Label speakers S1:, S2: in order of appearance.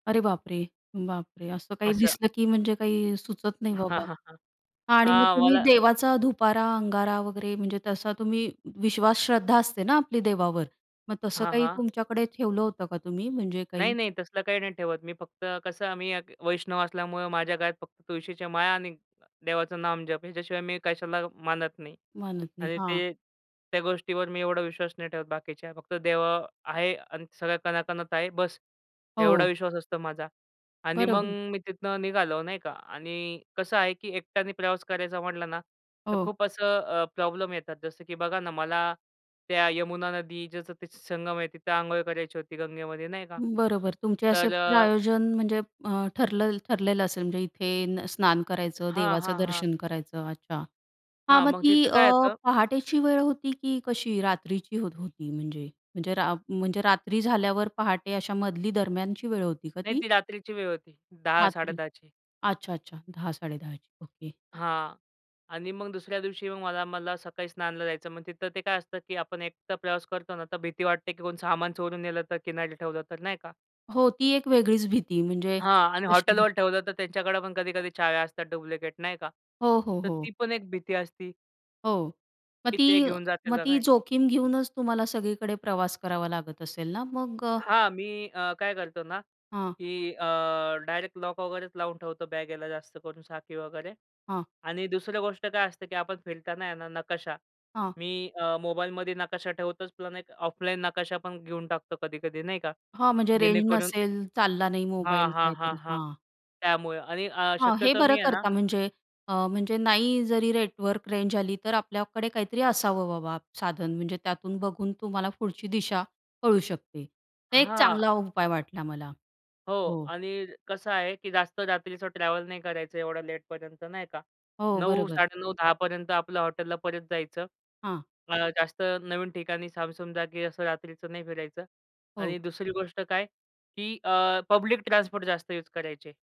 S1: अरे बाप रे! बाप रे! असं काही
S2: असं
S1: दिसलं की म्हणजे काही सुचत नाही
S2: हां,
S1: बाबा.
S2: हां, हां.
S1: आणि मग
S2: हां,
S1: तुम्ही
S2: मला
S1: देवाचा धुपारा, अंगारा वगैरे. म्हणजे तसा तुम्ही विश्वास, श्रद्धा असते ना आपली देवावर, मग तसं
S2: हां,
S1: काही
S2: हां.
S1: तुमच्याकडे ठेवलं होतं का तुम्ही? म्हणजे
S2: नाही
S1: काही.
S2: नाही, तसलं काही नाही ठेवत मी. फक्त कसं, मी एक वैष्णव असल्यामुळं माझ्या गळ्यात फक्त तुळशीच्या माळा आणि देवाचं नामजप ह्याच्याशिवाय मी कशाला मानत नाही
S1: म्हणत नाही
S2: आणि
S1: हां.
S2: ते त्या गोष्टीवर मी एवढा विश्वास नाही ठेवत बाकीच्या. फक्त देव आहे आणि सगळं कणाकणांत आहे. बस, एवढा
S1: हो.
S2: विश्वास असतो माझा आणि
S1: बरं
S2: मग
S1: होईल.
S2: मी तिथनं निघालो, नाही का आणि कसं आहे की एकट्याने प्रवास करायचा म्हटला ना, तर
S1: हो.
S2: खूप असं अ, प्रॉब्लेम येतात. जसं की बघा ना, मला त्या यमुना नदी, जसं संगम आहे तिथं, अंघोळ करायची होती गंगेमध्ये, नाही का?
S1: बरोबर. तुमचे असे
S2: तर
S1: प्रयोजन म्हणजे अ, ठरलं ठरलेलं असेल म्हणजे इथे स्नान करायचं,
S2: हां,
S1: देवाचं
S2: हां, हां.
S1: दर्शन करायचं. अच्छा! हां,
S2: हां,
S1: मग
S2: मग
S1: ती
S2: तिथं
S1: अ,
S2: काय येतं
S1: पहाटेची वेळ होती की कशी? रात्रीची होत होती म्हणजे म्हणजे रा म्हणजे रात्री झाल्यावर पहाटे अशा मधली दरम्यानची वेळ होती का
S2: नाही
S1: ती?
S2: ती रात्रीची वेळ होती. दहा साडे
S1: रात्री,
S2: दहा ची.
S1: अच्छा, अच्छा, 10-10:30 ची. ओके.
S2: हां, आणि मग दुसऱ्या दिवशी मग मला मला सकाळी स्नानाला जायचं. मग तिथं ते काय असतं की आपण एकटा प्रवास करतो ना, तर भीती वाटते की सामान चोरून नेलं तर, किनारी ठेवलं तर, नाही का?
S1: हो ती एक वेगळीच भीती. म्हणजे
S2: हां, आणि
S1: अशी
S2: हॉटेलवर ठेवलं तर त्यांच्याकडे पण कधी-कधी चाव्या असतात डुप्लिकेट, नाही का?
S1: हो, हो,
S2: तर
S1: हो.
S2: ती पण एक भीती असती.
S1: हो, मग
S2: की
S1: ती
S2: ते घेऊन जातील
S1: मग
S2: का
S1: ती
S2: काय?
S1: जोखीम घेऊनच तुम्हाला सगळीकडे प्रवास करावा लागत असेल ना मग?
S2: हां, मी अ, काय करतो ना
S1: हां.
S2: की अ, डायरेक्ट लॉक वगैरेच लावून ठेवतो बॅगेला, जास्त करून साखळी वगैरे.
S1: हां.
S2: आणि दुसरी गोष्ट काय असते की आपण फिरताना आहे ना, नकाशा.
S1: हां.
S2: मी अ, मोबाईलमध्ये नकाशा ठेवतोच. पण एक ऑफलाईन नकाशा पण घेऊन टाकतो कधी-कधी, नाही का?
S1: हां. म्हणजे रेंज
S2: जेणेकरून
S1: नसेल. चालला नाही
S2: हां,
S1: मोबाईल.
S2: हां, हां,
S1: काहीतरी
S2: हां
S1: हां.
S2: त्यामुळे आणि अ,
S1: हां, हे
S2: शक्यतो
S1: बरं
S2: मी आहे ना
S1: करता. म्हणजे अ, म्हणजे, नाही जरी नेटवर्क रेंज आली, तर आपल्याकडे काहीतरी असावं बाबा साधन. म्हणजे त्यातून बघून तुम्हाला पुढची दिशा कळू शकते. तर एक
S2: हां.
S1: चांगला उपाय वाटला मला.
S2: हो
S1: हो.
S2: आणि कसं आहे की जास्त रात्रीचं ट्रॅव्हल नाही करायचं. एवढं लेटपर्यंत नाही का,
S1: हो,
S2: नऊ
S1: बरोबर.
S2: साडे नऊ दहा पर्यंत आपलं हॉटेलला परत जायचं.
S1: हां.
S2: जास्त नवीन ठिकाणी सामसूम जागी असं रात्रीचं नाही फिरायचं.
S1: हो.
S2: आणि दुसरी गोष्ट काय की अ, पब्लिक ट्रान्सपोर्ट जास्त यूज करायचे.